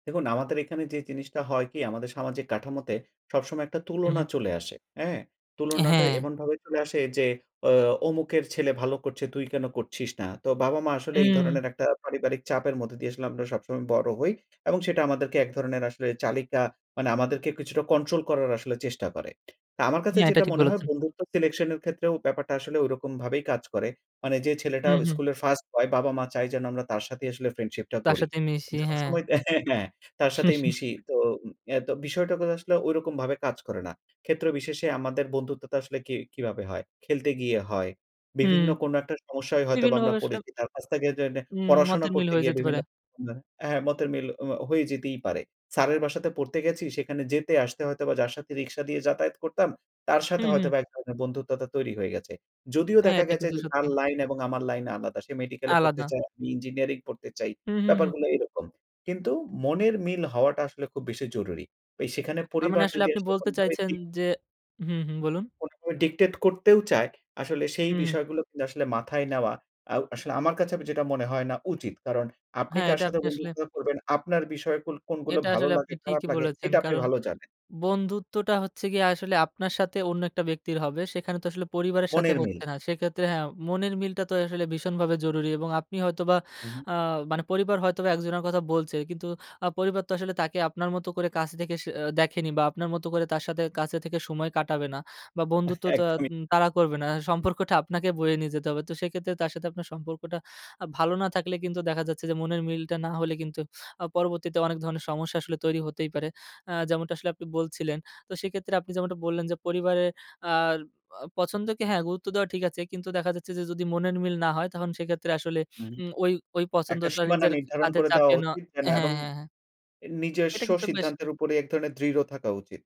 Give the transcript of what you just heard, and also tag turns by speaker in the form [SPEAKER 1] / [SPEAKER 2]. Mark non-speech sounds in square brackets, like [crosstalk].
[SPEAKER 1] দেখুন আমাদের এখানে যে জিনিসটা হয় কি আমাদের সামাজিক কাঠামোতে সবসময় একটা
[SPEAKER 2] উহু।
[SPEAKER 1] তুলনা চলে আসে। হ্যাঁ?
[SPEAKER 2] [smacks lips] অ্যাঁ
[SPEAKER 1] তুলনাটা
[SPEAKER 2] হ্যাঁ।
[SPEAKER 1] এমনভাবে চলে আসে যে অ ও অমুকের ছেলে ভালো করছে তুই কেন করছিস না? তো বাবা মা আসলে এই
[SPEAKER 2] উম।
[SPEAKER 1] ধরনের একটা পারিবারিক চাপের মধ্যে দিয়ে আসলে আমরা সবসময় বড় হই এবং সেটা আমাদেরকে এক ধরনের আসলে চালিকা মানে আমাদেরকে কিছুটা কন্ট্রোল করার আসলে চেষ্টা করে। তা আমার কাছে
[SPEAKER 2] হ্যাঁ, এটা
[SPEAKER 1] যেটা
[SPEAKER 2] ঠিক
[SPEAKER 1] মনে হয়
[SPEAKER 2] বলেছেন।
[SPEAKER 1] বন্ধুত্ব সিলেকশনের ক্ষেত্রেও ব্যাপারটা আসলে ওইরকম ভাবেই কাজ করে। মানে যে ছেলেটা
[SPEAKER 2] হুম, হুম।
[SPEAKER 1] স্কুলের 1st বয় বাবা মা চায় যেন আমরা তার সাথেই আসলে ফ্রেন্ডশিপটা
[SPEAKER 2] তার
[SPEAKER 1] করি।
[SPEAKER 2] সাথে মিশি, হ্যাঁ।
[SPEAKER 1] সবসময় হ্যাঁ, হ্যাঁ তার সাথেই মিশি।
[SPEAKER 2] [chuckles]
[SPEAKER 1] তো এ বিষয়টা আসলে ওইরকম ভাবে কাজ করে না। ক্ষেত্রবিশেষে আমাদের বন্ধুত্বটা আসলে কি কিভাবে হয়? খেলতে গিয়ে হয়,
[SPEAKER 2] হুম।
[SPEAKER 1] বিভিন্ন
[SPEAKER 2] [smacks lips]
[SPEAKER 1] কোনো একটা সমস্যায় হয়তোবা আমরা
[SPEAKER 2] বিভিন্নভাবে আসলে
[SPEAKER 1] পড়েছি তার কাছ থেকে যেনে
[SPEAKER 2] উম
[SPEAKER 1] পড়াশোনা
[SPEAKER 2] মতের মিল
[SPEAKER 1] করতে
[SPEAKER 2] হয়ে
[SPEAKER 1] গিয়ে
[SPEAKER 2] যেতে পারে।
[SPEAKER 1] বিভিন্ন হ্যাঁ মতের মিল ওমা হয়ে যেতেই পারে। স্যারের বাসাতে পড়তে গেছি সেখানে যেতে আসতে হয়তোবা যার সাথে রিক্সা দিয়ে যাতায়াত করতাম তার সাথে
[SPEAKER 2] হুম, হুম।
[SPEAKER 1] হয়তোবা এক ধরনের বন্ধুত্বতা তৈরি হয়ে গেছে। যদিও
[SPEAKER 2] হ্যাঁ
[SPEAKER 1] দেখা
[SPEAKER 2] এটা
[SPEAKER 1] গেছে
[SPEAKER 2] কিন্তু
[SPEAKER 1] যে তার
[SPEAKER 2] সত্যি।
[SPEAKER 1] লাইন এবং আমার লাইন আলাদা। সে মেডিকেলে পড়তে
[SPEAKER 2] আলাদা।
[SPEAKER 1] চায়, আমি ইঞ্জিনিয়ারিং পড়তে চাই।
[SPEAKER 2] হুম, হুম, হুম।
[SPEAKER 1] ব্যাপারগুলো এরকম। কিন্তু মনের মিল হওয়াটা আসলে খুব বেশি জরুরি। সেখানে
[SPEAKER 2] তার মানে
[SPEAKER 1] পরিবার
[SPEAKER 2] আসলে
[SPEAKER 1] যদি
[SPEAKER 2] আপনি
[SPEAKER 1] আসলে
[SPEAKER 2] বলতে
[SPEAKER 1] কোনোভাবে
[SPEAKER 2] চাইছেন
[SPEAKER 1] দিক
[SPEAKER 2] যে হুম, হুম; বলুন।
[SPEAKER 1] কোনোভাবে ডিক্টেট করতেও চায়, আসলে সেই
[SPEAKER 2] হু, হুম।
[SPEAKER 1] বিষয়গুলো কিন্তু আসলে মাথায় নেওয়া আ আসলে আমার কাছে যেটা মনে হয় না উচিত। কারণ আপনি
[SPEAKER 2] হ্যাঁ
[SPEAKER 1] কার
[SPEAKER 2] এটা
[SPEAKER 1] সাথে
[SPEAKER 2] আপনি আসলে
[SPEAKER 1] বন্ধুত্ব করবেন, আপনার বিষয় কোন কোনগুলো
[SPEAKER 2] এটা
[SPEAKER 1] ভালো
[SPEAKER 2] আসলে
[SPEAKER 1] লাগে
[SPEAKER 2] আপনি
[SPEAKER 1] খারাপ
[SPEAKER 2] ঠিকই
[SPEAKER 1] লাগে
[SPEAKER 2] বলেছেন।
[SPEAKER 1] এটা আপনি
[SPEAKER 2] কারণ
[SPEAKER 1] ভালো জানেন।
[SPEAKER 2] বন্ধুত্বটা হচ্ছে গিয়ে আসলে আপনার সাথে অন্য একটা ব্যক্তির হবে সেখানে তো আসলে পরিবারের সাথে
[SPEAKER 1] মনের মিল।
[SPEAKER 2] হচ্ছে না। সেক্ষেত্রে হ্যাঁ মনের মিলটা তো আসলে ভীষণভাবে জরুরি এবং আপনি হয়তোবা
[SPEAKER 1] উহু।
[SPEAKER 2] আ মানে পরিবার হয়তোবা একজনের কথা বলছে কিন্তু আ পরিবার তো আসলে তাকে আপনার মতো করে কাছে থেকে অ্যা দেখেনি বা আপনার মতো করে তার সাথে কাছে থেকে সময় কাটাবে না বা বন্ধুত্বটা
[SPEAKER 1] একদমই।
[SPEAKER 2] উম তারা করবে না। সম্পর্কটা আপনাকে বয়ে নিয়ে যেতে হবে। তো সেক্ষেত্রে তার সাথে আপনার সম্পর্কটা ভালো না থাকলে কিন্তু দেখা যাচ্ছে যে মনের মিলটা না হলে কিন্তু আ পরবর্তীতে অনেক ধরনের সমস্যা আসলে তৈরি হতেই পারে। আ যেমনটা আসলে আপনি বলছিলেন। তো সেক্ষেত্রে আপনি যেমনটা বললেন যে, পরিবারের আ প পছন্দকে হ্যাঁ গুরুত্ব দেওয়া ঠিক আছে কিন্তু দেখা যাচ্ছে যে যদি মনের মিল না হয় তখন সেক্ষেত্রে আসলে
[SPEAKER 1] হু, হুম।
[SPEAKER 2] উম ওই ওই
[SPEAKER 1] একটা
[SPEAKER 2] পছন্দটা
[SPEAKER 1] সীমানা
[SPEAKER 2] নিজের
[SPEAKER 1] নির্ধারণ
[SPEAKER 2] কাঁধে
[SPEAKER 1] করে দেওয়া
[SPEAKER 2] চাপিয়ে নেওয়া
[SPEAKER 1] উচিত, যেন এবং
[SPEAKER 2] হ্যাঁ, হ্যাঁ, হ্যাঁ। এটা
[SPEAKER 1] নিজস্ব
[SPEAKER 2] কিন্তু বেশ
[SPEAKER 1] সিদ্ধান্তের উপরে এক ধরনের দৃঢ় থাকা উচিত।